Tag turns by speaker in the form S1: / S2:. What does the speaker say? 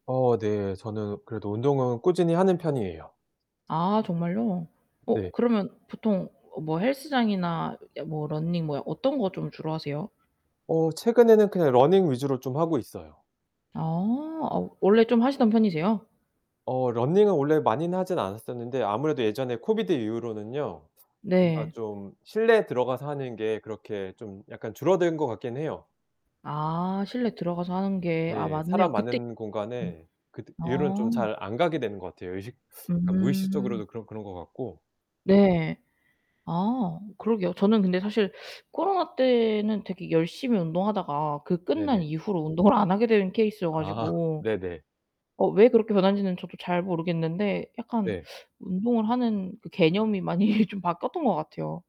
S1: 어 네. 저는 그래도 운동은 꾸준히 하는 편이에요.
S2: 아 정말요?
S1: 네.
S2: 어 그러면 보통 어 뭐 헬스장이나 예 뭐 런닝 뭐 어떤 거 좀 주로 하세요?
S1: 어 최근에는 그냥 러닝 위주로 좀 하고 있어요.
S2: 아. 어 원래 좀 하시던 편이세요?
S1: 어 러닝은 원래 많이 하진 않았었는데 아무래도 예전에 COVID 이후로는요. 뭔가
S2: 네.
S1: 좀 실내에 들어가서 하는 게 그렇게 좀 약간 줄어든 것 같긴 해요.
S2: 아 실내 들어가서 하는 게. 아
S1: 네. 사람
S2: 맞네요. 그때
S1: 많은
S2: [unintelligible]
S1: 공간에 그때 이후로는
S2: 아.
S1: 잘 안 가게 되는 것 같아요. 의식 그러니까
S2: 음.
S1: 무의식적으로도 그런 그런 것 같고.
S2: 네. 아 그러게요. 저는 근데 사실 코로나때는 되게 열심히 운동하다가 그 끝난
S1: 네네.
S2: 이후로 운동을 안하게 된 케이스여
S1: 아.
S2: 가지고.
S1: 네네.
S2: 어 왜 그렇게 변하는지는 저도 잘 모르겠는데 약간
S1: 네.
S2: 운동을 하는 그 개념이 많이 좀 바뀌었던 것 같아요.